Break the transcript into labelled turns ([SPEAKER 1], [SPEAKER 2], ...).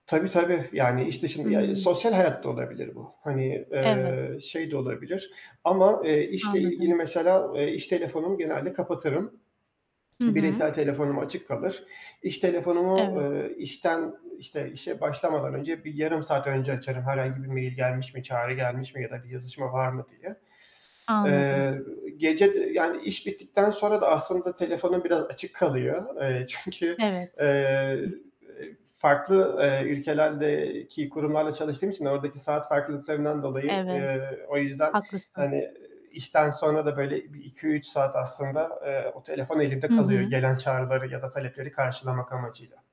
[SPEAKER 1] Tabii tabii, yani, işte, şimdi
[SPEAKER 2] Hı.
[SPEAKER 1] ya, sosyal hayat da olabilir bu. Hani,
[SPEAKER 2] Evet.
[SPEAKER 1] eee, şey de olabilir. Ama, eee, işle ilgili
[SPEAKER 2] Anladım.
[SPEAKER 1] mesela, eee, iş telefonumu genelde kapatırım.
[SPEAKER 2] Hı hı.
[SPEAKER 1] Bireysel telefonum açık kalır. İş telefonumu,
[SPEAKER 2] Evet.
[SPEAKER 1] eee, işten, işte, işe başlamadan önce bir yarım saat önce açarım. Herhangi bir mail gelmiş mi, çağrı gelmiş mi ya da bir yazışma var mı diye.
[SPEAKER 2] Anladım.
[SPEAKER 1] Eee, gece de yani, iş bittikten sonra da aslında telefonum biraz açık kalıyor. Eee, çünkü,
[SPEAKER 2] Evet.
[SPEAKER 1] eee, farklı, eee, ülkelerdeki kurumlarla çalıştığım için ordaki saat farklılıklarından dolayı.
[SPEAKER 2] Evet,
[SPEAKER 1] Eee, o yüzden,
[SPEAKER 2] haklısın.
[SPEAKER 1] hani, işten sonra da böyle bir 2-3 saat aslında, eee, o telefon elimde
[SPEAKER 2] Hı
[SPEAKER 1] kalıyor,
[SPEAKER 2] hı.
[SPEAKER 1] gelen çağrıları ya da talepleri karşılamak amacıyla.